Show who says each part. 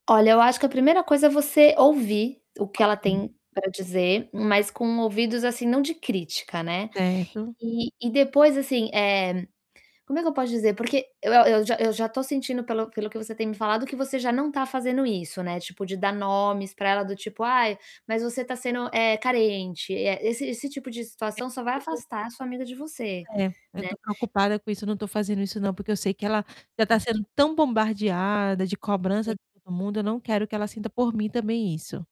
Speaker 1: Olha, eu acho que a primeira coisa é você ouvir o que ela
Speaker 2: Ok.
Speaker 1: tem para dizer, mas com ouvidos, assim, não de crítica, né,
Speaker 2: Certo.
Speaker 1: e e depois, assim, eh, como é que eu posso dizer, porque eu eu já eu já tô sentindo pelo pelo o que você tem me falado que você já não tá fazendo isso, né, tipo, de dar nomes pra ela do tipo: "Ai, mas você tá sendo, eh, carente.", eh, esse esse tipo de
Speaker 2: É,
Speaker 1: situação só vai
Speaker 2: porque
Speaker 1: afastar a sua amiga de você,
Speaker 2: É. Eu
Speaker 1: né.
Speaker 2: tô preocupada com isso, eu não tô fazendo isso não, porque eu sei que ela já tá
Speaker 1: Hum.
Speaker 2: sendo tão bombardeada de cobrança
Speaker 1: Sim.
Speaker 2: de todo mundo, eu não quero que ela sinta, por mim, também isso.